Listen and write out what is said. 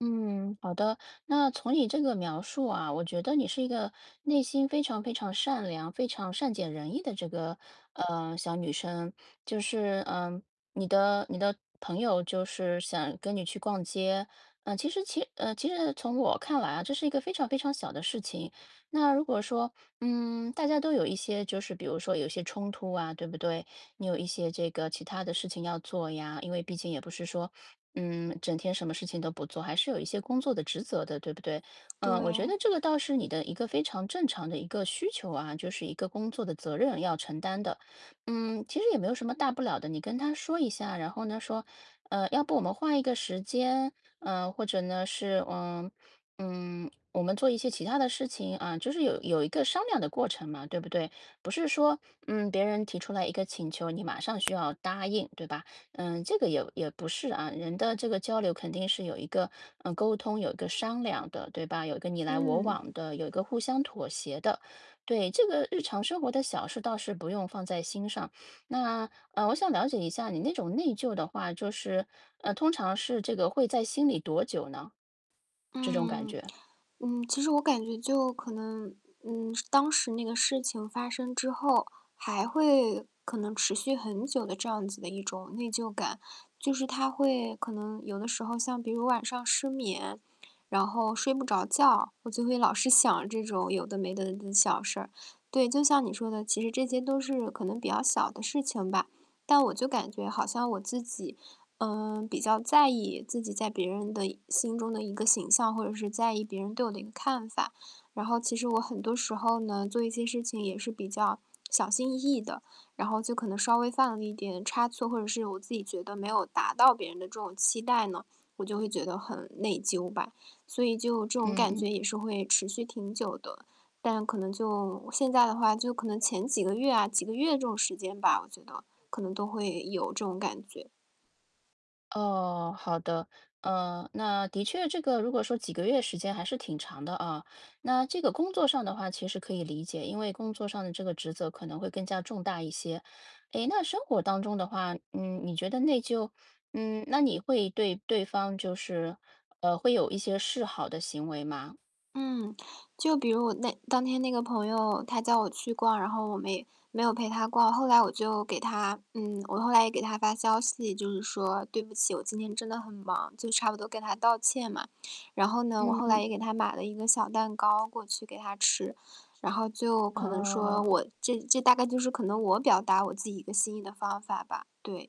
嗯，好的。那，从你这个描述啊，我觉得你是一个内心非常非常善良，非常善解人意的这个，呃，小女生。就是，嗯，你的你的朋友，就是想跟你去逛街，嗯，其实其嗯，其实从我看来啊，这是一个非常非常小的事情。那如果说，嗯，大家都有一些就是比如说有一些冲突啊，对不对？你有一些这个其它的事情要做呀，因为毕竟也不是说，嗯，整天什么事情都不做，还是有一些工作的职责的，对不对？呃，我觉对。得这个倒是你的一个非常正常的一个需求啊，就是一个工作的责任要承担的。嗯，其实也没有什么大不了的，你跟他说一下，然后呢，说，呃，“要不我们换一个时间？”，呃，或者呢，是，呃，嗯，“我们做一些其他的事情“，啊，就是有有一个商量的过程嘛，对不对？不是说，嗯，别人提出来一个请求，你马上需要答应，对吧？嗯，这个也也不是，啊，人的这个交流肯定是有一个，嗯，沟通，有一个商量的，对吧？有一个你来我嗯。往的，有一个互相妥协的。对，这个日常生活的小事倒是不用放在心上。那，呃，我想了解一下你那种内疚的话，就是，呃，通常是这个会在心里多久呢？这种感嗯，觉。嗯，其实我感觉就可能，嗯，是当时那个事情发生之后，还会可能持续很久的这样子的一种内疚感。就是它会可能有的时候像比如晚上失眠，然后睡不着觉，我就会老是想这种有的没的的的小事儿。对，就像你说的，其实这些都是可能比较小的事情吧，但我就感觉好像我自己，呃，比较在意自己在别人的一心中的一个形象，或者是在意别人对我的一个看法。然后其实我很多时候呢，做一些事情也是比较小心翼翼的，然后就可能稍微犯了一点差错，或者是我自己觉得没有达到别人的这种期待呢，我就会觉得很内疚吧。所以就这种嗯感嗯。觉也是会持续挺久的，但可能就现在的话就可能前几个月啊几个月这种时间吧，我觉得可能都会有这种感觉。哦，好的。嗯，那的确这个如果说几个月时间还是挺长的，啊。那这个工作上的话其实可以理解，因为工作上的这个职责可能会更加重大一些。诶，那生活当中的话，嗯，你觉得内疚嗯，那你会对对方就是呃，会有一些示好的行为吗？嗯，就比如我那当天那个朋友，他叫我去逛，然后我没没有陪他逛，后来我就给他嗯，我后来也给他发消息，就是说“对不起，我今天真的很忙”，就差不多跟他道歉嘛。然后呢，我嗯后来嗯。也给他买了一个小蛋糕，过去给他吃，然后就可能说，哦。我这这大概就是可能我表达我自己一个心意的方法吧，对。